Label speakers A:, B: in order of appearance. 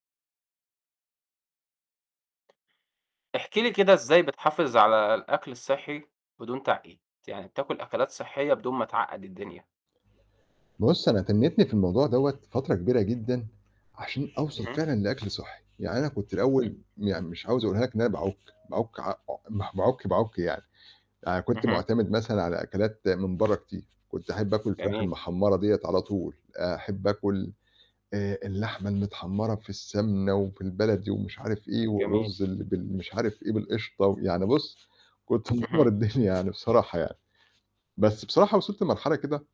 A: احكِ لي كده إزاي بتحافظ على الأكل الصحّي بدون تعقيد، يعني بتاكُل أكلات صحيّة بدون ما تعقد الدنيا.
B: بُصّ، أنا تنّيتني في الموضوع دَوّة فترة كبيرة جدًا عشان أوصل
A: أها.
B: فعلًا لأكل صحّي، يعني أنا كنت الأول يعني مش عاوز أقولها لك إن أنا باعُك، باعُك عا عو مه باعُك، باعُك يعني. أنا كنت
A: أها.
B: معتمد مثلًا على أكلات من برّا كتير، كنت أحب آكُل الفراخ
A: جميل.
B: المحمّرة دِيّة على طول، أحب آكُل آآ اللحمة المتحمّرة في السَمنة وفي البلد ومش عارف إيه
A: جميل.
B: والرُز اللي بال مش عارف إيه بالقشطة ويعني بُصّ، كنت مِدمّر
A: اهم.
B: الدنيا يعني بصراحة يعني. بس بصراحة وصلت لمرحلة كده